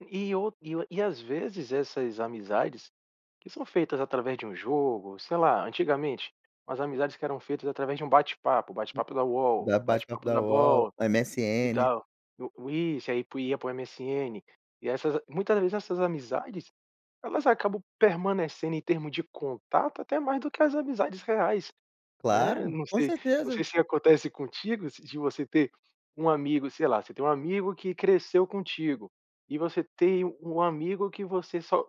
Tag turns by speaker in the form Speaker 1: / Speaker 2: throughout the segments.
Speaker 1: E o e o e às vezes essas amizades, que são feitas através de um jogo, sei lá, antigamente, umas amizades que eram feitas através de um bate-papo.
Speaker 2: Hum.
Speaker 1: Bate-papo da
Speaker 2: Da
Speaker 1: Uol,
Speaker 2: bate-papo
Speaker 1: bate-papo
Speaker 2: da
Speaker 1: da
Speaker 2: Uol,
Speaker 1: Bol e
Speaker 2: MSN.
Speaker 1: tal. O o isso, aí pro ia para o MSN. E essas a muitas de dessas amizades, elas acabam permanecendo em termo de contato até mais do que as amizades reais, né?
Speaker 2: Claro,
Speaker 1: Não
Speaker 2: com
Speaker 1: sei não
Speaker 2: certeza.
Speaker 1: sei se acontece contigo, se de você ter um amigo sei lá. Você tem um amigo que cresceu contigo e você tem um amigo que você só,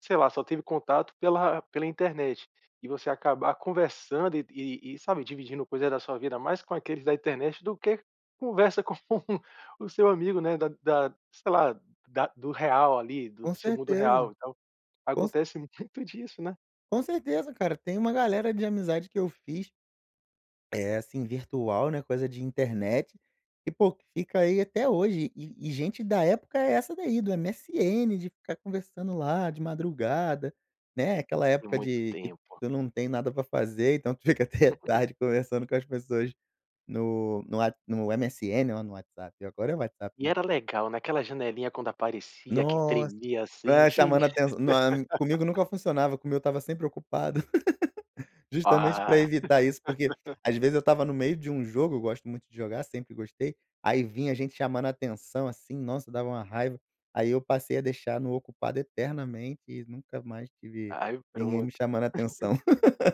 Speaker 1: sei lá, só teve contato pela pela internet, e você acabar conversando e de e e sabe, dividindo coisa da sua vida mais com aqueles da internet do que conversa com o o seu amigo, né, da da sei lá, da do real ali, do
Speaker 2: Com
Speaker 1: do seu mundo
Speaker 2: certeza.
Speaker 1: real e tal.
Speaker 2: Com ce
Speaker 1: Acontece muito disso, né?
Speaker 2: Com certeza cara, tem uma galera de amizade que eu fiz eh, assim virtual, né? Coisa de internet, que pô fica aí até hoje. E e e gente da época é essa, daí do MSN de ficar conversando lá de madrugada, né? Aquela
Speaker 1: E
Speaker 2: época
Speaker 1: Muito
Speaker 2: de que tu
Speaker 1: tempo.
Speaker 2: tu não tem nada pra fazer, então tu fica até tarde conversando com as pessoas no no What no MSN, ó no WhatsApp. Agora é o WhatsApp,
Speaker 1: E
Speaker 2: né?
Speaker 1: era legal naquela janelinha quando aparecia que
Speaker 2: Nos
Speaker 1: tremia assim.
Speaker 2: É
Speaker 1: Ixi.
Speaker 2: chamando atençã nao é comigo nunca funcionava, como eu estava sempre ocupado. Justamente pra
Speaker 1: Ah!
Speaker 2: evitar isso, porque às vezes eu estava no meio de um jogo, eu gosto muito de jogar, sempre gostei, aí vinha gente chamando atenção, assim, nossa, dava uma raiva. Aí eu passei a deixar no ocupado eternamente e nunca mais tive
Speaker 1: Aí
Speaker 2: ninguém
Speaker 1: pronto.
Speaker 2: me chamando atenção.